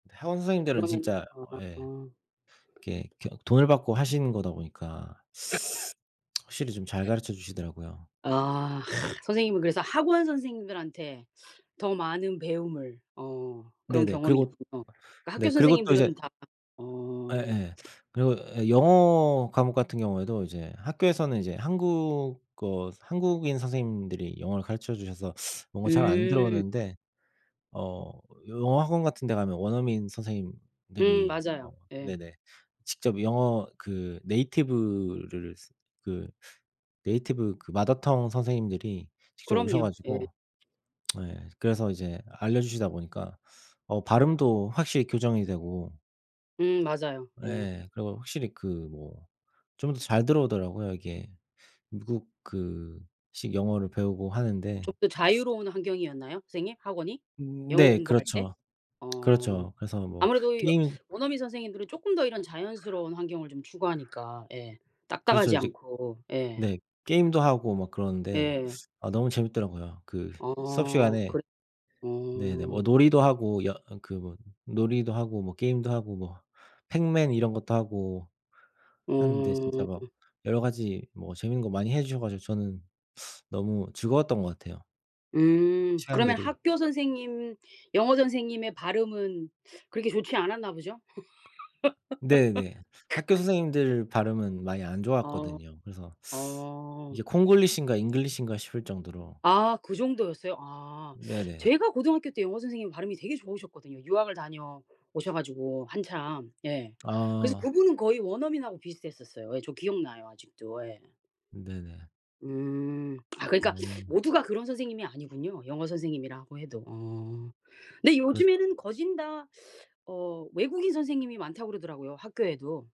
근데 학원 선생님들은 그러면은 진짜 어. 어 예. 이렇게 그냥 돈을 받고 하시는 거다 보니까 확실히 좀 잘 가르쳐 주시더라고요. 아. 선생님은 그래서 학원 선생님들한테 더 많은 배움을. 어. 그런 네네. 경험이 그리고 있군요. 그 학교 네. 그리고 또 이제 선생님들은 다 어. 예예. 그리고 예 영어 과목 같은 경우에도 이제 학교에서는 이제 한국어 한국인 선생님들이 영어를 가르쳐 주셔서 뭔가 잘 안 음. 들어오는데 어 영어 학원 같은 데 가면 원어민 음 선생님들이 어 맞아요. 예. 네네. 직접 영어 그 네이티브를 쓰 그 네이티브 그 mother tongue 선생님들이 직접 오셔 그럼요. 예. 가지고 네 그래서 이제 알려주시다 보니까 어 발음도 확실히 교정이 되고 음 맞아요. 예. 예. 그리고 확실히 그 뭐 좀 더 잘 들어오더라고요. 이게 미국 그 식 영어를 배우고 하는데 좀 더 자유로운 환경이었나요 선생님? 학원이? 음 영어 네 공부할 때? 그렇죠. 어. 그렇죠. 그래서 뭐 아무래도 여 게임 원어민 선생님들은 쪼끔 더 이런 자연스러운 환경을 좀 추구하니까 예. 그래서 딱딱하지 이제 않고. 예. 네. 게임도 하고 막 그러는데 예. 아 너무 재미있더라고요. 그 수업 어. 시간에 그래 네네. 뭐 어. 놀이도 하고 여 그 뭐 놀이도 하고 뭐 게임도 하고 뭐 행맨 이런 것도 하고 하는데 진짜 어. 막 여러 가지 뭐 재미있는 거 많이 해 주셔 가지고 저는 너무 즐거웠던 것 같아요. 음. 그러면 시간들이 학교 선생님 영어 선생님의 발음은 그렇게 좋지 않았나 보죠? 네네. 학교 선생님들 발음은 많이 안 아. 좋았거든요. 그래서 어. 이게 콩글리시인가 잉글리시인가 싶을 정도로. 아. 그 정도였어요? 아. 네네. 제가 고등학교 때 영어 선생님 발음이 되게 좋으셨거든요, 유학을 다녀오셔 가지고 한참. 예. 그래서 아. 그분은 거의 원어민하고 비슷했었어요. 예. 저 기억 나요 아직도. 예. 네네. 음. 아 그러니까 음. 모두가 그런 선생님이 아니군요. 영어 선생님이라고 해도. 어. 근데 그렇 요즘에는 거진 다 어 외국인 선생님이 많다고 그러더라고요 학교에도.